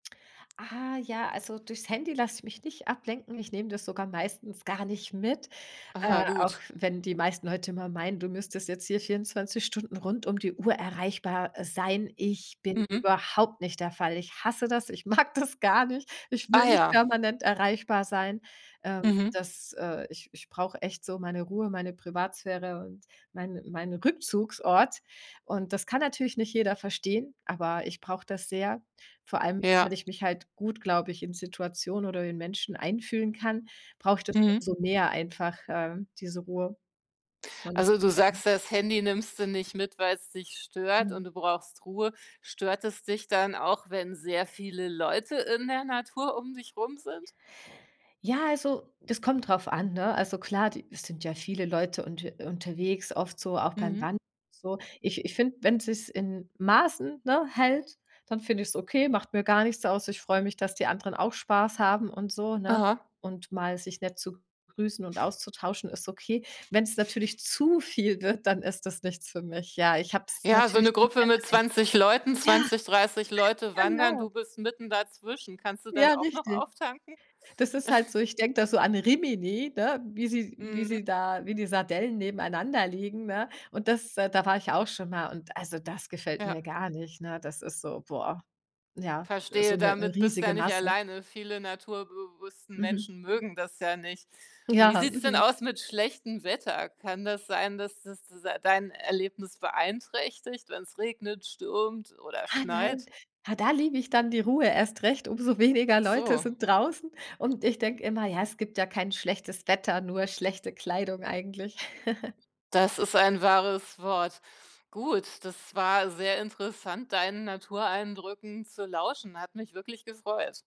Ah, ja, also durchs Handy lasse ich mich nicht ablenken. Ich nehme das sogar meistens gar nicht mit, äh, Aha. auch Gut. wenn die meisten Leute immer meinen, du müsstest jetzt hier 24 Stunden rund um die Uhr erreichbar, äh, sein. Ich bin Mhm. überhaupt nicht der Fall. Ich hasse das, ich mag das gar nicht! Ich Ah will nicht ja. permanent erreichbar sein. Ähm, Mhm. das, äh, ich ich brauche echt so meine Ruhe, meine Privatsphäre und mein mein Rückzugsort! Und das kann natürlich nicht jeder verstehen, aber ich brauche das sehr. Vor allem, Ja. weil ich mich halt gut, glaube ich, in Situationen oder in Menschen einfühlen kann, brauche ich das Mhm. umso mehr einfach, äh, diese Ruhe. Und, Also, du ähm sagst ja, das Handy nimmst du nicht mit, weil's dich stört Mhm. und du brauchst Ruhe. Stört es dich dann auch, wenn sehr viele Leute in der Natur um dich rum sind? Ja also, das kommt drauf an, ne? Also klar, die es sind ja viele Leute unter unterwegs, oft so auch beim Mhm. Wandern und so. Ich ich finde, wenn sich's in Maßen, ne, hält, dann finde ich's okay, macht mir gar nichts aus. Ich freue mich, dass die anderen auch Spaß haben und so, ne? Aha. Und mal sich nett zu grüßen und auszutauschen ist okay. Wenn's natürlich zu viel wird, dann ist das nichts für mich. Ja, ich habe es Ja so natürlich 'ne schon sehr, Gruppe sehr mit einfach. 20 Leuten, Ja. 20, 30 Leute wandern, Genau. du bist mitten da zwischen. Kannst du dann Ja, auch noch richtig! auftanken? Das ist halt so. Ich denke da so an Rimini, ne, wie sie wie Mhm. sie da wie die Sardellen nebeneinander liegen, ne? Und das da war ich auch schon mal und also das gefällt mir Ja. gar nicht, ne? Das ist so, boah, ja, so Verstehe. 'n 'ne Damit, bist du ja riesige nicht Masse. alleine. Viele naturbewussten Mhm. Menschen mögen das ja nicht. Und wie Ja. sieht's denn Mhm. aus mit schlechtem Wetter? Kann das sein, dass das es dein Erlebnis beeinträchtigt, wenn's regnet, stürmt oder Ah, nein. schneit? Ja, da liebe ich dann die Ruhe erst recht, umso weniger Ach Leute so. sind draußen. Und ich denke immer: „Ja, es gibt ja kein schlechtes Wetter, nur schlechte Kleidung eigentlich." Das ist ein wahres Wort. Gut, das war sehr interessant, deinen Natureindrücken zu lauschen. Hat mich wirklich gefreut.